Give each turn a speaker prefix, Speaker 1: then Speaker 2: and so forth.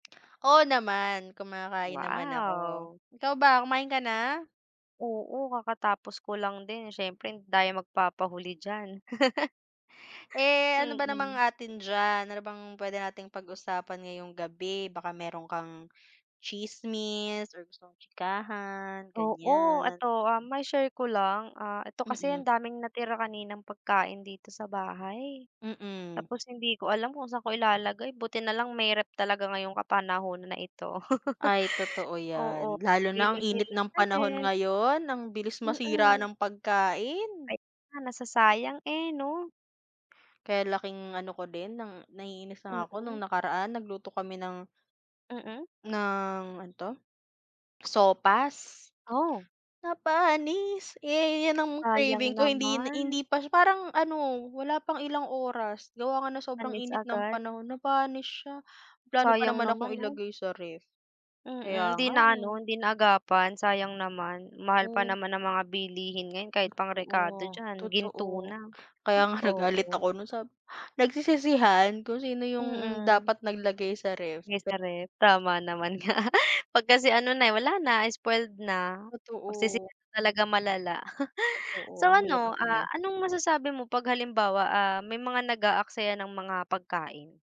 Speaker 1: Oo naman, kumakain naman ako.
Speaker 2: Wow!
Speaker 1: Ikaw ba, kumain ka na?
Speaker 2: Oo, kakatapos ko lang din. Siyempre hindi tayo magpapahuli diyan.
Speaker 1: Eh, ano ba namang
Speaker 2: Kain.
Speaker 1: atin diyan? Ano bang pwede nating pag-usapan ngayong gabi? Baka meron kang tsismis or gustong tsikahan,
Speaker 2: Oo,
Speaker 1: ganyan.
Speaker 2: ito, ah, mai-share ko lang. Ah, ito kasi
Speaker 1: Mm.
Speaker 2: ang daming natira kaninang pagkain dito sa bahay.
Speaker 1: Mm.
Speaker 2: Tapos hindi ko alam kung saan ko ilalagay, buti nalang may ref. talaga ngayong kapanahunan na ito.
Speaker 1: Ay, totoo yan.
Speaker 2: Oo,
Speaker 1: Lalo
Speaker 2: lagay,
Speaker 1: na ang
Speaker 2: lagay
Speaker 1: init
Speaker 2: lang
Speaker 1: ng
Speaker 2: sa
Speaker 1: panahon
Speaker 2: ref.
Speaker 1: ngayon, ang bilis masira
Speaker 2: Mm.
Speaker 1: ng pagkain.
Speaker 2: Ay nga nasasayang, eh, 'no?
Speaker 1: Kaya laking ano ko din ng naiinis na nga ako
Speaker 2: Oo.
Speaker 1: nung nakaraan nagluto kami ng
Speaker 2: Mm.
Speaker 1: ng ano 'to, sopas.
Speaker 2: Aw!
Speaker 1: Napanis, eh, yan ang
Speaker 2: Sayang
Speaker 1: craving ko hindin
Speaker 2: naman!
Speaker 1: hindi pa sy parang ano, wala pang ilang oras. Gawa nga ng sobrang
Speaker 2: Panis
Speaker 1: init ng
Speaker 2: agad.
Speaker 1: panahon, napanis siya. May plano pa
Speaker 2: Sayang
Speaker 1: naman akong
Speaker 2: naman 'no?
Speaker 1: ilagay sa ref.
Speaker 2: Mm,
Speaker 1: Kaya
Speaker 2: hindi
Speaker 1: nga,
Speaker 2: na ano,
Speaker 1: eh.
Speaker 2: hindi naagapan. Sayang naman, mahal pa
Speaker 1: Oo.
Speaker 2: naman ng mga bilihin ngayon kahit pang
Speaker 1: Totoo,
Speaker 2: rekado diyan,
Speaker 1: totoo.
Speaker 2: ginto na.
Speaker 1: Kaya nga nagalit
Speaker 2: Oo.
Speaker 1: ako no'n sab nagsisisihan, kung sino yung
Speaker 2: Mm.
Speaker 1: dapat naglagay sa ref
Speaker 2: Lagay sa ref?
Speaker 1: [unintelligible]
Speaker 2: Tama naman nga. Pag kasi ano na, eh, wala na spoiled na. Magsisisi
Speaker 1: Totoo.
Speaker 2: ka talaga, malala.
Speaker 1: Totoo
Speaker 2: So
Speaker 1: ang hirap
Speaker 2: ano, ah,
Speaker 1: niya.
Speaker 2: anong masasabi mo pag halimbawa, ah, may mga nag-aaksaya ng mga pagkain?